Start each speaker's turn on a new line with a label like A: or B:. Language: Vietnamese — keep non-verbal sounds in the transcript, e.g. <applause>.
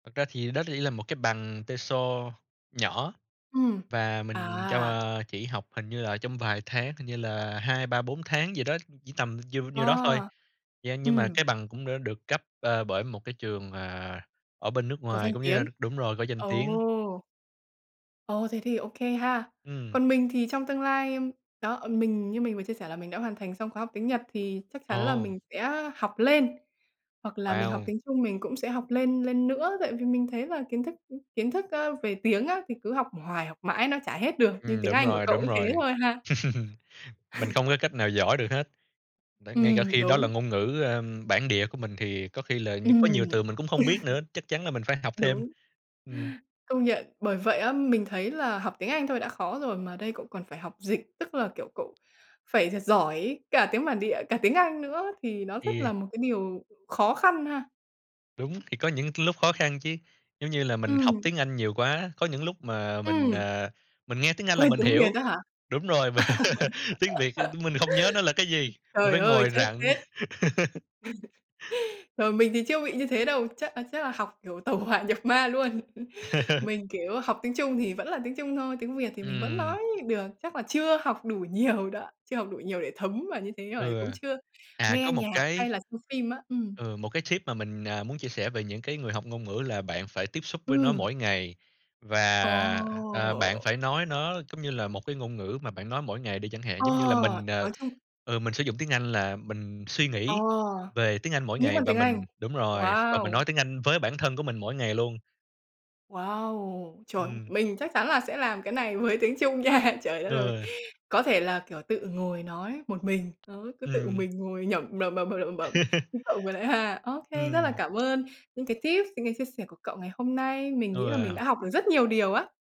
A: Thật ra thì đó rỉ là một cái bằng TESOL nhỏ
B: Ừm.
A: và mình trong,
B: À!
A: ờ chỉ học hình như là trong vài tháng, hình như là 2, 3, 4 tháng gì đó, chỉ tầm diêu nhiêu đó thôi.
B: À.
A: Yeah, nhưng mà
B: Ừm.
A: cái bằng cũng đã được cấp, ờ, bởi một cái trường, ờ, ở bên nước
B: Có
A: ngoài
B: danh
A: cũng như là
B: tiếng.
A: đ đúng rồi, có danh tiếng.
B: Ồ! Ồ! Thế thì ô kê ha!
A: Ừm.
B: Còn mình thì trong tương lai, ưm đó, mình như mình vừa chia sẻ là mình đã hoàn thành xong khóa học tiếng Nhật, thì chắc chắn là
A: Ồ!
B: mình sẽ học lên hoặc là mình học
A: Wow!
B: tiếng Trung, mình cũng sẽ học lên, lên nữa, tại vì mình thấy là kiến thức kiến thức, ơ, về tiếng á thì cứ học hoài học mãi nó chả hết được, như
A: Ừm,
B: tiếng
A: đúng
B: Anh của
A: rồi,
B: cậu
A: đúng
B: cũng thế
A: rồi.
B: thôi ha!
A: <chuckles> Mình
B: <laughs>
A: không có cách nào giỏi được hết. Đấy, ngay cả
B: Ừm,
A: khi đó là
B: đúng.
A: ngôn ngữ, ơm, bản địa của mình thì có khi là như có
B: Ừm.
A: nhiều
B: <laughs>
A: từ mình cũng không biết nữa, chắc chắn là mình phải học thêm.
B: Đúng.
A: Ừm.
B: Công nhận. Bởi vậy á, mình thấy là học tiếng Anh thôi đã khó rồi mà đây cậu còn phải học dịch, tức là, kiểu, cậu phải thật giỏi cả tiếng bản địa, cả tiếng Anh nữa, thì nó rất
A: Yeah.
B: là một cái điều khó khăn ha.
A: Đúng, thì có những c lúc khó khăn chứ, giống như là mình học
B: Ừm.
A: tiếng Anh nhiều quá, có những lúc mà mình,
B: Ừm.
A: ờ, mình nghe tiếng Anh là
B: Quên
A: mình
B: tiếng Việt
A: hiểu
B: á hả? <laughs>
A: đúng rồi, mà <laughs> tiếng Việt <unintelligible> mình hông nhớ nó là cái gì, mình
B: Trời
A: phải
B: ơi,
A: ngồi
B: chết,
A: rặn.
B: chết!
A: <laughs>
B: <laughs> Rồi, mình thì chưa bị như thế đâu, chắc, à, chắc là học, kiểu, tẩu hỏa nhập ma luôn. <chuckles>
A: <chuckles>
B: Mình, kiểu, học tiếng Trung thì vẫn là tiếng Trung thôi, tiếng Việt thì mình vẫn
A: Ừm.
B: nói được, chắc là chưa học đủ nhiều đó, chưa học đủ nhiều để thấm vào như thế, rồi
A: Ừ.
B: cũng chưa
A: À,
B: nghe
A: có một
B: nhạc hay
A: cái
B: là xem phim á. Ừm.
A: ừ, một cái tip mà mình, à, muốn chia sẻ về những cái người học ngôn ngữ là bạn phải tiếp xúc với nó
B: Ừm.
A: mỗi ngày. Và, à, bạn
B: Ờ.
A: phải nói nó cống như là một cái ngôn ngữ mà bạn nói mỗi ngày đi chẳng hạn,
B: Ờ,
A: giống như là mình, à
B: nói chung
A: ừ, mình sử dụng tiếng Anh là mình suy
B: Ờ,
A: nghĩ về tiếng Anh mỗi
B: nghĩ
A: ngày
B: bằng
A: và
B: tiếng Anh.
A: mình đúng rồi, và mình
B: Wow!
A: nói tiếng Anh với bản thân của mình mỗi ngày luôn.
B: Wow! Trời,
A: Ừm.
B: mình chắc chắn là sẽ làm cái này với tiếng Trung nha. Trời đất ơi!
A: Ừ.
B: Có thể là, kiểu, tự ngồi nói một mình. Đó, cứ tự
A: Ừm.
B: mình ngồi nhẩm, bẩm bẩm bẩm lẩm bẩm
A: <chuckles>
B: như cậu ngồi lại ha. Ô kê, rất là
A: Ừm.
B: cảm ơn những cái tips, những cái chia sẻ của cậu ngày hôm nay. Mình nghĩ là mình
A: Ừ.
B: đã học được rất nhiều điều á.